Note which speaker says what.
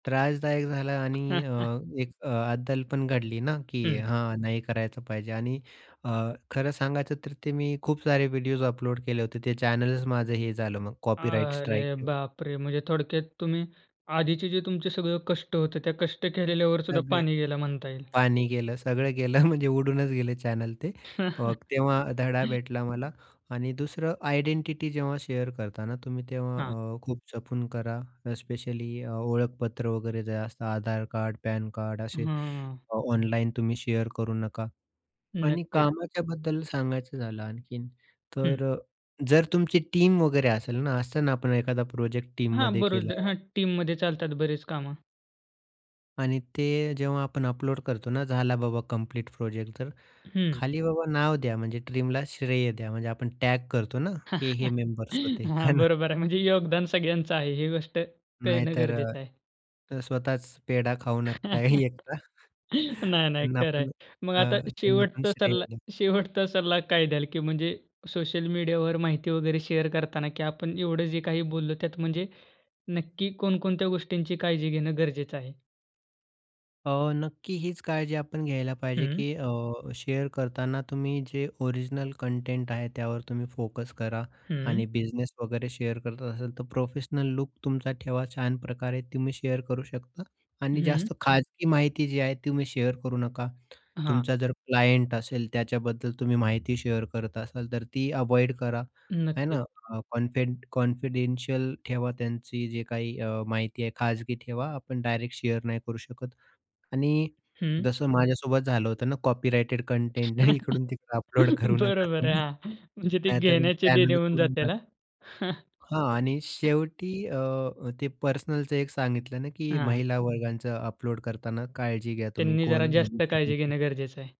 Speaker 1: त्रासदायक झालं आणि अ, एक अ, अद्दल पण घडली ना, की
Speaker 2: हं.
Speaker 1: हां, नाही करायचं पाहिजे आणि अ, खरं सांगायचं तर ते मी खूप सारे व्हिडिओज अपलोड केले होते, ते चॅनल्स माझं हे झालं मग कॉपीराईट
Speaker 2: अरे
Speaker 1: स्ट्राईक.
Speaker 2: बापरे! म्हणजे थोडक्यात तुम्ही आधीचे जे तुमचे सगळे कष्ट होते, त्या कष्ट केलेल्यावर सुद्धा
Speaker 1: सगळं
Speaker 2: पाणी गेलं म्हणता येईल.
Speaker 1: पाणी गेलं, सगळं गेलं म्हणजे उडूनच गेले चॅनल ते. मग तेव्हा धडा भेटला मला आणि दुसरं आयडेंटिटी जेव्हा शेअर करताना तुम्ही तेव्हा,
Speaker 2: हां.
Speaker 1: अ, खूप जपून करा स्पेशली अ, ओळखपत्र वगैरे जे असतं आधार कार्ड, पॅन कार्ड असे
Speaker 2: हं.
Speaker 1: ऑनलाईन तुम्ही शेअर करू नका आणि
Speaker 2: नक्कीच.
Speaker 1: कामाच्याबद्दल सांगायचं झालं आणखीन
Speaker 2: हं.
Speaker 1: तर अ, जर तुमची टीम वगैरे असेल ना असंत ना, आपण एखादा प्रोजेक्ट
Speaker 2: हां,
Speaker 1: टीममध्ये केला
Speaker 2: बरेचदा हां, टीममध्ये चालतात बरेच कामं.
Speaker 1: आणि ते जेव्हा आपण अपलोड करतो ना, झाला बाबा कंप्लीट प्रोजेक्ट तर
Speaker 2: हं.
Speaker 1: खाली बाबा नाव द्या. म्हणजे टीमला श्रेय द्या, म्हणजे आपण टॅग करतो ना, हे, हे मेंबर्स होते आहे
Speaker 2: हां,
Speaker 1: ना.
Speaker 2: बरोबर आहे म्हणजे योगदान सगळ्यांचं आहे, ही गोष्ट
Speaker 1: नाही
Speaker 2: कळणं
Speaker 1: तर
Speaker 2: गरजेचं आहे.
Speaker 1: अ, स्वतःच पेढा खाऊ नका एकटा.
Speaker 2: नाही, नाही.
Speaker 1: त्यांना
Speaker 2: खरं
Speaker 1: पण
Speaker 2: आहे. मग
Speaker 1: अ,
Speaker 2: आता
Speaker 1: त्यांना पण
Speaker 2: शेवटचा
Speaker 1: श्रेय
Speaker 2: सल्ला
Speaker 1: द्या.
Speaker 2: शेवटचा सल्ला काय द्याल, की म्हणजे सोशल मीडियावर माहिती वगैरे शेअर करताना, की आपण एवढं जे काही बोललो त्यात म्हणजे, नक्की कोणकोणत्या गोष्टींची काळजी घेणं गरजेचं आहे?
Speaker 1: अ, नक्की हीच काळजी आपण घ्यायला पाहिजे,
Speaker 2: हं.
Speaker 1: की अ, शेअर करतांना तुम्ही जे ओरिजिनल कंटेंट आहे त्यावर तुम्ही फोकस करा
Speaker 2: हं.
Speaker 1: आणि बिझनेस वगैरे शेअर करत असाल तर प्रोफेशनल लूक तुमचा ठेवा छान प्रकारे तुम्ही शेअर करू शकता आणि
Speaker 2: हं.
Speaker 1: जास्त खाजगी माहिती जी आहे ती तुम्ही शेअर करू नका.
Speaker 2: हां.
Speaker 1: तुमचा जर क्लायंट असेल, त्याच्याबद्दल तुम्ही माहिती शेअर करत असाल तर ती अव्हॉइड करा. आहे ना
Speaker 2: नक्कीच.
Speaker 1: अ, कंटेंट कॉन्फिडेन्शियल ठेवा त्यांची जी काही अ, माहिती आहे खाजगी ठेवा, आपण डायरेक्ट शेअर नाही करू शकत. आणि
Speaker 2: हं.
Speaker 1: जसं माझ्यासोबत झालं होतं ना, कॉपीराइटेड कंटेंट नाही इकडून तिकडे अपलोड करू नका
Speaker 2: बरोबर आहे,
Speaker 1: तुम्ही
Speaker 2: हां. म्हणजे ते
Speaker 1: नाही तर मग
Speaker 2: घेण्याचे देणे होऊन
Speaker 1: चॅनलचं
Speaker 2: जा
Speaker 1: उडून जाईल.
Speaker 2: हं.
Speaker 1: हां आणि शेवटी अ, ते पर्सनलच एक सांगितलं ना, की
Speaker 2: हां.
Speaker 1: महिला वर्गाचं अपलोड करतांना काळजी घ्या तुम्ही
Speaker 2: त्यांनी जरा
Speaker 1: कोण
Speaker 2: जास्त
Speaker 1: माहिती
Speaker 2: काळजी
Speaker 1: दिली.
Speaker 2: घेणं गरजेचं आहे.